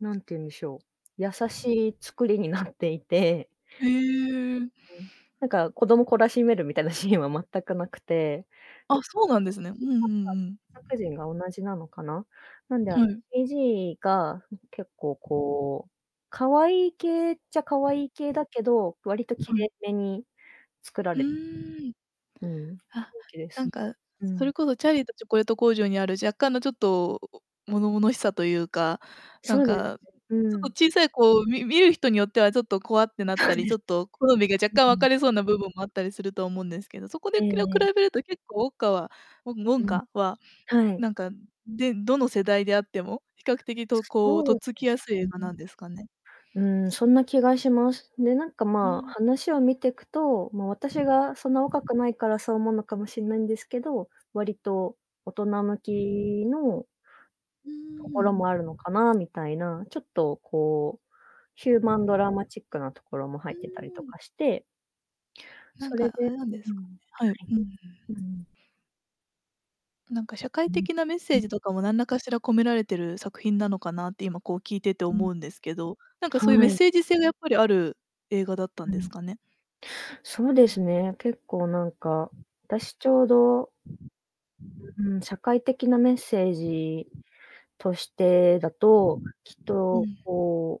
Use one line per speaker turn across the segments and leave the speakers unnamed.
なんていうんでしょう、優しい作りになっていて
へえ。
なんか子供懲らしめるみたいなシーンは全く無くて。
あ、そうなんですね。うんうんうん。
参加人が同じなのかな？なんであ
はい。
CGが結構こう、可愛い系っちゃ可愛い系だけど、割と
は
綺
い。
麗めに、作ら
う
れ
ーん。
うん、ふ
あ、
いきで
な
す
ん
ね。
か、
う
そ
ん。
れこそチャーリーとチョコレート工場にある若干のちょっと、物々しさというか、な
そ
ん
うです
か、
ね、う
ちょっ
ん。
と小さい、こう、み見る人によってはちょっと怖ってなっ
そ
た
う
り、
で
ちょ
す。
っと好みが若干
う
分
ん。
かれそうな部分もあったりすると思うんですけど、そこ
え
でくら
え。
比べると結構ウォッカはウォウォン
うん。
カは、
はい。
なんか、でどの世代であっても、比較的とこう、とっ
そう
つ
で
きや
す
すい映画
ね。
なんですかね？
うん、そんな気がします。で、なんか、
う
ま、
ん。
話を見てくと、まあ、私がそんな若くないからそう思うのかもしんないんですけど、割と大人向きの
うー
ところ
ん。
もあるのかなみたいな、ちょっとこう、ヒューマンドラマチックなところも入
う
ってたりと
ーん。
かして
なん
それ
かあ
で
れなんで
う
すかね。
ん。
はい、う
はい。
ん。
うん。
なんか、社会的なメッセー ジとかも何らかしら込められてる作品なのかなって、今こう聞いてて
うん。
思うんですけど、なんかそういうメ
は
ッ
い。
セージ性がやっぱりある映画だった
う
んです
ん。
かね？
そうですね、結構なんか、私ちょうどうん、社会的なメッセージとしてだと、きっ
う
と、
ん。
こう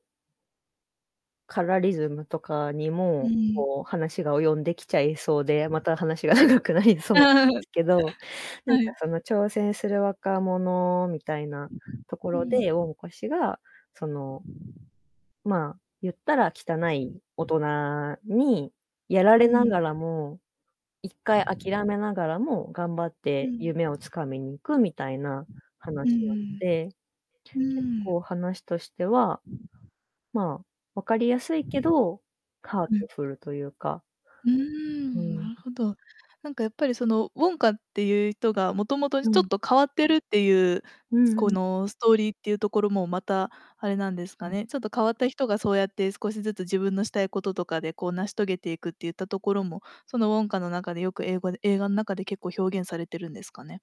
カラーリズムとかに
う
も
ん。
こう話が及んできちゃいそうで、また話が長くなりそうなんで すけど、なんか
はい。
その挑戦する若者みたいなとこ
う
ろで、ウ
ん。
ォンカ氏が、その、ま、言ったら汚い大人にやられ
う
なが
ん。
らも、1回諦めながらも頑張っ
う
て
ん。
夢を掴みに行くみたいな
う
話なの
ん
で、
うん。う
結
ーん。
構話としては、ま、わかりやすいけど、ハート
うん。
フルというか。
うー
う
ん。な
ん。
るほど。なんかやっぱり、その、ウォンカっていう人が元々
う
ちょっ
ん。
と変わってるっていう、
うん
こ
うん。
の、ストーリーっていうところもまたあれなんです
う
か
ん。
ね。ちょっと変わった人がそうやって少しずつ自分のしたいこととかで、こう、成し遂げていくっていったところも、そのウォンカの中でよく英語で映画の中で結構表現されてるんですかね？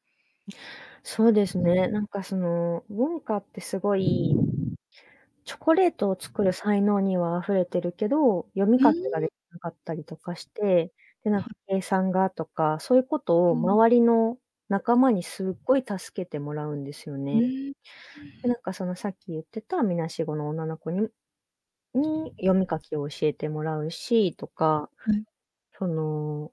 そうですね、なんかその、ウォンカってすごいチョコレートを作る才能には溢れてるけど、読み
ふー
書きが
ん。
できなかったりとかして、で、なんか計算がとか、そういうことを
うん。
周りの仲間にすっごい助けてもらうんですよ
ふ
ね。
ー
で、
ん。
なんかそのさっき言ってたみなしごの女の子にに読み書きを教えてもらうしとか、
はい。
その